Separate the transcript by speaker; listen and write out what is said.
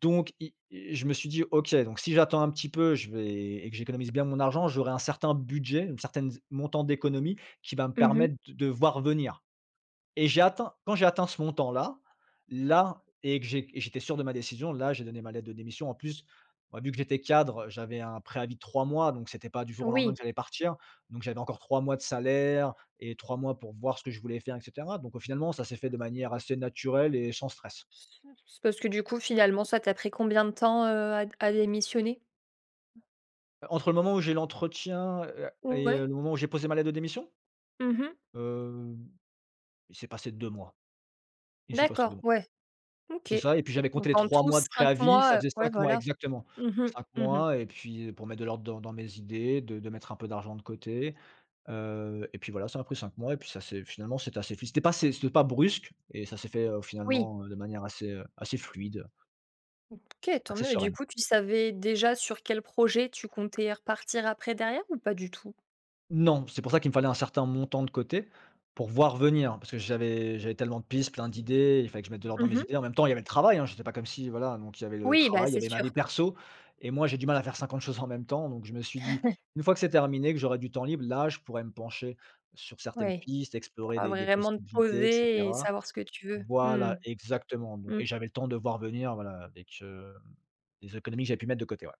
Speaker 1: Donc i i je me suis dit: «OK, donc si j'attends un petit peu, je vais et que j'économise bien mon argent, j'aurais un certain budget, une certaine z montant d'économies, qui va me
Speaker 2: Mmh mh.
Speaker 1: permettre de de voir venir» et j'ai atteint quand j'ai atteint ce montant-là, là et que j'é j'étais sûr de ma décision, là j'ai donné ma lettre de démission. En plus, ouais vu que j'étais cadre, heu, j'avais un préavis de 3 mois, donc c'était pas du jour au lendemain que
Speaker 2: Oui.
Speaker 1: j'allais partir. Donc j'avais encore 3 mois de salaire et 3 mois pour voir ce que je voulais faire et cetera. Donc au finalement ça s'est fait de manière assez naturelle et sans stress.
Speaker 2: C c c'est parce que du coup, finalement ça t'a pris combien de temps, heu, à d à démissionner?
Speaker 1: Heu, entre le moment où j'ai l'entretien, heu
Speaker 2: Mmh
Speaker 1: et le
Speaker 2: ouais.
Speaker 1: moment où j'ai posé ma lettre de démission?
Speaker 2: Mmh mh.
Speaker 1: Heu, il s'est passé 2 mois. Il s'est passé 2
Speaker 2: D'accord,
Speaker 1: mois.
Speaker 2: ouais, OK.
Speaker 1: C'est ça et puis j'avais
Speaker 2: Donc
Speaker 1: compté les
Speaker 2: en
Speaker 1: 3
Speaker 2: tout
Speaker 1: mois de
Speaker 2: 5
Speaker 1: préavis ça
Speaker 2: mois, heu,
Speaker 1: faisait
Speaker 2: ouais
Speaker 1: 5 mois,
Speaker 2: voilà.
Speaker 1: exactement.
Speaker 2: Mmh mh,
Speaker 1: 5
Speaker 2: mmh mh.
Speaker 1: mois et puis, heu, pour mettre de l'ordre dans dans mes idées de de mettre un peu d'argent de côté. Heu et puis voilà, ça m'a pris 5 mois et puis ça s'est finalement c'était assez fi c'était pas c'est c'était pas brusque et ça s'est fait, heu,
Speaker 2: Oui.
Speaker 1: finalement, heu, de manière assez, heu, assez fluide
Speaker 2: OK, tant
Speaker 1: assez
Speaker 2: mieux et du
Speaker 1: sereine.
Speaker 2: coup, tu savais déjà sur quel projet, tu comptais repartir après derrière ou pas du tout?
Speaker 1: Non, c'est pour ça, qu'il me fallait un certain montant de côté, pour voir venir, hein. Parce que j'avais j'avais tellement de pistes, plein d'idées, il fallait que je mette de l'ordre dans
Speaker 2: Mmh
Speaker 1: mes
Speaker 2: mh.
Speaker 1: idées, en même temps, il y avait le travail, hein, j'étais pas comme si voilà donc il y avait le
Speaker 2: Oui ben
Speaker 1: travail, il y
Speaker 2: c'est
Speaker 1: avait ma
Speaker 2: sûr.
Speaker 1: vie perso et moi j'ai du mal à faire 50 choses en même temps, donc je me suis dit:
Speaker 2: Ouais.
Speaker 1: «Une fois que c'est terminé que j'aurai du temps libre, là je pourrais me pencher, sur certaines
Speaker 2: Oui,
Speaker 1: pistes explorer
Speaker 2: pour
Speaker 1: des des
Speaker 2: vraiment te
Speaker 1: possibilités» et
Speaker 2: poser et
Speaker 1: cetera.
Speaker 2: savoir ce que tu veux, mmh
Speaker 1: Voilà, exactement. Bon
Speaker 2: mh.
Speaker 1: et
Speaker 2: Mmh.
Speaker 1: j'avais le temps de voir venir voilà, avec, heu, les économies que j'avais pu mettre de côté, ouais.